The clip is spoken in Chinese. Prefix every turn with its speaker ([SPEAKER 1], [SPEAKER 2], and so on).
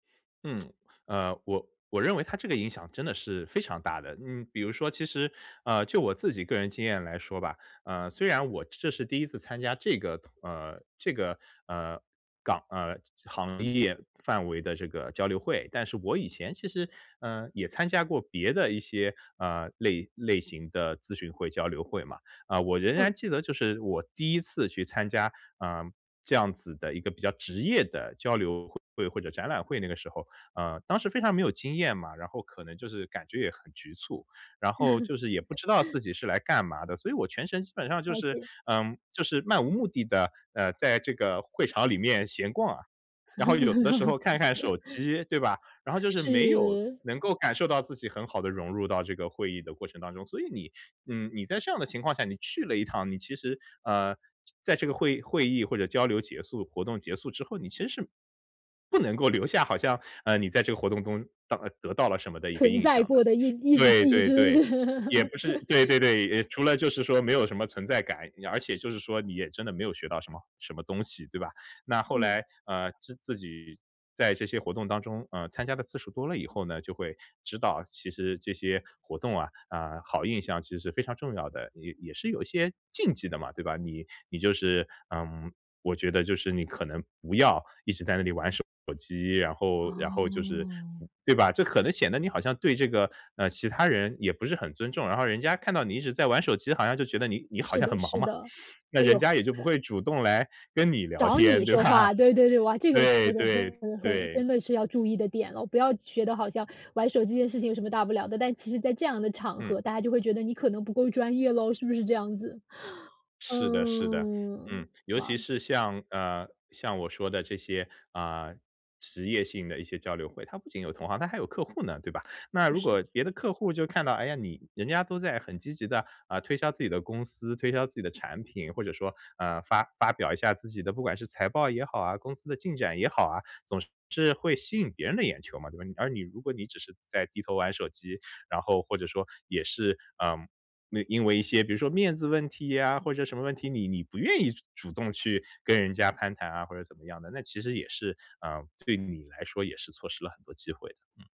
[SPEAKER 1] 嗯，呃，我我认为它这个影响真的是非常大的。呃，比如说其实，呃，就我自己个人经验来说吧，呃，虽然我这是第一次参加这个，呃，这个，呃，港呃，行业范围的这个交流会，但是我以前其实，呃，也参加过别的一些，呃，类类型的咨询会，交流会嘛。呃，我仍
[SPEAKER 2] 嗯。
[SPEAKER 1] 然记得就是我第一次去参加，呃，这样子的一个比较职业的交流会或者展览会那个时候，呃，当时非常没有经验嘛，然后可能就是感觉也很局促，然后就是也不知道自己 是来干嘛的，所以我全程基本上就
[SPEAKER 2] 了
[SPEAKER 1] 是，
[SPEAKER 2] 解。
[SPEAKER 1] 呃，就是漫无目的地，呃，在这个会场里面闲逛。然后有的时候看看手 机，对吧？然后就是没有
[SPEAKER 2] 是。
[SPEAKER 1] 能够感受到自己很好的融入到这个会议的过程当中，所以你，嗯，你在这样的情况下你去了一趟，你其实，呃，在这个会会议或者交流结束，活动结束之后，你其实是不能够留下好像，呃，你在这个活动中得得到了什么的一个
[SPEAKER 2] 存
[SPEAKER 1] 印
[SPEAKER 2] 在
[SPEAKER 1] 象的。
[SPEAKER 2] 过的印印
[SPEAKER 1] 对
[SPEAKER 2] 记，
[SPEAKER 1] 对
[SPEAKER 2] 是不
[SPEAKER 1] 对，
[SPEAKER 2] 是？
[SPEAKER 1] 也不是对 对对，除了就是说没有什么存在感，而且就是说你也真的没有学到什么好什么东西，对吧。那后
[SPEAKER 2] 嗯。
[SPEAKER 1] 来，呃，自自己在这些活动当中，呃，参加的次数多了以后呢，就会知道其实这些活动啊，呃，好印象其实非常重要的，也也是有些禁忌的嘛，对吧。你你就是，嗯，我觉得就是你可能不要一直在那里玩手机，然后然后就是
[SPEAKER 2] 哦。
[SPEAKER 1] 对吧，这可能显得你好像对这个，呃，其他人也不是很尊重，然后人家看到你一直在玩手机好像就觉得你你好
[SPEAKER 2] 是
[SPEAKER 1] 像很
[SPEAKER 2] 的，
[SPEAKER 1] 忙
[SPEAKER 2] 是
[SPEAKER 1] 嘛，
[SPEAKER 2] 的，
[SPEAKER 1] 那
[SPEAKER 2] 唉
[SPEAKER 1] 人
[SPEAKER 2] 哟。
[SPEAKER 1] 家也就不会主动来跟你聊
[SPEAKER 2] 找
[SPEAKER 1] 天，
[SPEAKER 2] 你
[SPEAKER 1] 对
[SPEAKER 2] 说
[SPEAKER 1] 吧？
[SPEAKER 2] 话，对对对，哇，这个
[SPEAKER 1] 对
[SPEAKER 2] 说的
[SPEAKER 1] 对
[SPEAKER 2] 很很很
[SPEAKER 1] 对。
[SPEAKER 2] 真的是要注意的点了，不要觉得好像玩手机的事情有什么大不了的，但其实在这样的场
[SPEAKER 1] 嗯。
[SPEAKER 2] 合，大家就会觉得你可能不够专业了，是不是这样子？
[SPEAKER 1] 是的是的，嗯，
[SPEAKER 2] 嗯，
[SPEAKER 1] 尤其
[SPEAKER 2] 哇。
[SPEAKER 1] 是像，呃，像我说的这些，啊，职业性的一些交流会，它不仅有同行，它还有客户呢，对吧？那
[SPEAKER 2] 不
[SPEAKER 1] 如
[SPEAKER 2] 是。
[SPEAKER 1] 果别的客户就看到，哎呀，你人家都在很积极地，呃，推销自己的公司，推销自己的产品，或者说，呃，发发表一下自己的，不管是财报也好啊，公司的进展也好啊，总是会吸引别人的眼球嘛，对吧，而你如果你只是在低头玩手机，然后或者说也是，嗯，那因为一些比如说面子问题呀，或者什么问题，你你不愿意主动去跟人家攀谈啊，或者怎么样的，那其实也是，呃，对你来说也是错失了很多机会的。嗯。